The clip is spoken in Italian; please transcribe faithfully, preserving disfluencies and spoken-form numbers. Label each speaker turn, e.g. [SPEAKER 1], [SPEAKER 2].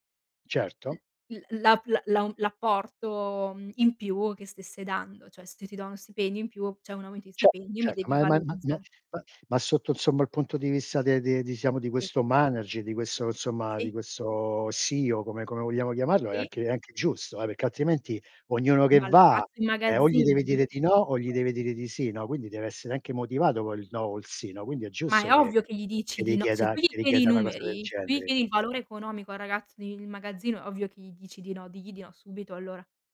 [SPEAKER 1] L
[SPEAKER 2] Certo.
[SPEAKER 1] l l'ap la l'au l'apporto, mhmm, in più che stesse dando, cioè se ti do uno stipendio in più, ceh un aumento di
[SPEAKER 2] Ce
[SPEAKER 1] stipendio, mi
[SPEAKER 2] certo,
[SPEAKER 1] devi
[SPEAKER 2] ma è ma ma ma
[SPEAKER 1] valorizza
[SPEAKER 2] ma ma sotto insomma il punto di vista de de diciamo di
[SPEAKER 1] Sì.
[SPEAKER 2] questo manager, di questo insomma, di
[SPEAKER 1] Sì.
[SPEAKER 2] questo CEO come come vogliamo chiamarlo, è
[SPEAKER 1] Sì.
[SPEAKER 2] anche è anche giusto eh, perché altrimenti ognuno che
[SPEAKER 1] Ma il
[SPEAKER 2] va,
[SPEAKER 1] ragazzo in
[SPEAKER 2] eh, o gli
[SPEAKER 1] magazzino
[SPEAKER 2] deve dire
[SPEAKER 1] [unintelligible]
[SPEAKER 2] di no o gli deve dire di sì, no, quindi deve essere anche motivato col no o il sì, no, quindi è
[SPEAKER 1] Ma è
[SPEAKER 2] giusto che
[SPEAKER 1] ovvio che gli dici
[SPEAKER 2] che
[SPEAKER 1] di no, se
[SPEAKER 2] richieda
[SPEAKER 1] tu gli
[SPEAKER 2] che
[SPEAKER 1] chiedi i
[SPEAKER 2] richieda una cosa del
[SPEAKER 1] numeri, se tu gli
[SPEAKER 2] genere.
[SPEAKER 1] chiedi il valore economico al ragazzo di in magazzino, è ovvio che gli dici di no, digli di no subito allora.